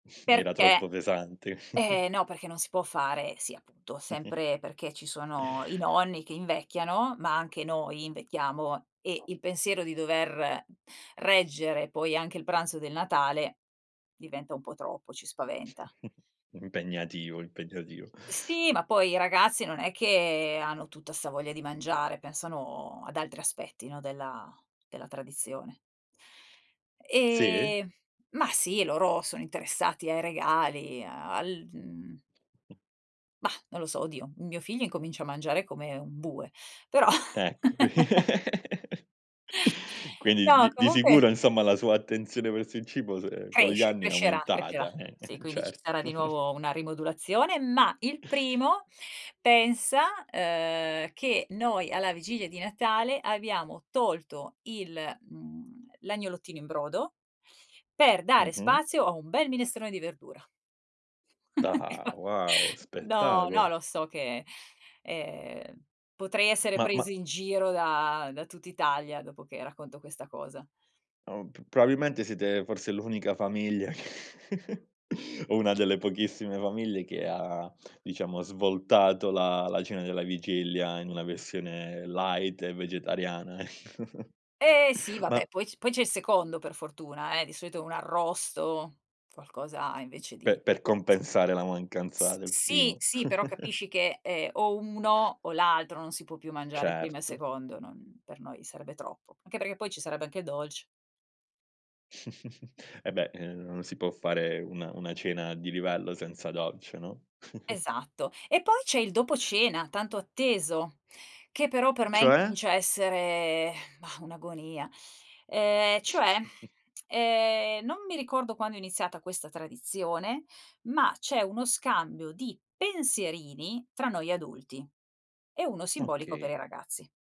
Era Perché troppo pesante. eh no, perché non si può fare. Sì, appunto, sempre perché ci sono i nonni che invecchiano, ma anche noi invecchiamo e il pensiero di dover reggere poi anche il pranzo del Natale, diventa un po' troppo, ci spaventa. Impegnativo, impegnativo. Sì, ma poi i ragazzi non è che hanno tutta 'sta voglia di mangiare, pensano ad altri aspetti, no, della della tradizione. Sì? E ma sì, loro sono interessati ai regali, al mhmm Mah, non lo so, oddio, mio figlio incomincia a mangiare come un bue, però. Ecco qui quindi No, di di comunque sicuro, insomma, la sua attenzione verso il cibo se con gli cresce, anni è crescerà, crescerà. aumentata, eh, Sì, quindi ci certo. sarà di nuovo una rimodulazione, ma il primo pensa, uhm, che noi alla vigilia di Natale abbiamo tolto il mhmm, l'agnolottino in brodo, per dare Mh-mh. spazio a un bel minestrone di verdura. mi Ah, fa wow no, no, spettacolo! lo so che, ehm, potrei essere Ma preso ma in giro da da tutt'Italia dopo che racconto questa cosa. Oh, p probabilmente siete forse l'unica famiglia o una delle pochissime famiglie che ha, diciamo, svoltato la la cena della vigilia in una versione light e vegetariana ecco. Eh sì vabbè Ma poi c poi c'è il secondo per fortuna, eh, di solito un arrosto, qualcosa M invece per di di per s compensare la mancanza S del sì primo. sì però capisci che, ehm, o uno o l'altro non si può più mangiare primo e Certo. secondo, non per noi sarebbe troppo. Anche perché poi ci sarebbe anche dolce. E beh, ehm, non si può fare una una cena di livello senza dolce, no? Esatto. E poi c'è il dopo cena, tanto atteso, che però per me Cioè? incomincia a essere, mah, un'agonia. Ehm, cioè, ehm, non mi ricordo quando è iniziata questa tradizione, ma c'è uno scambio di pensierini tra noi adulti e uno simbolico per Okay. i ragazzi.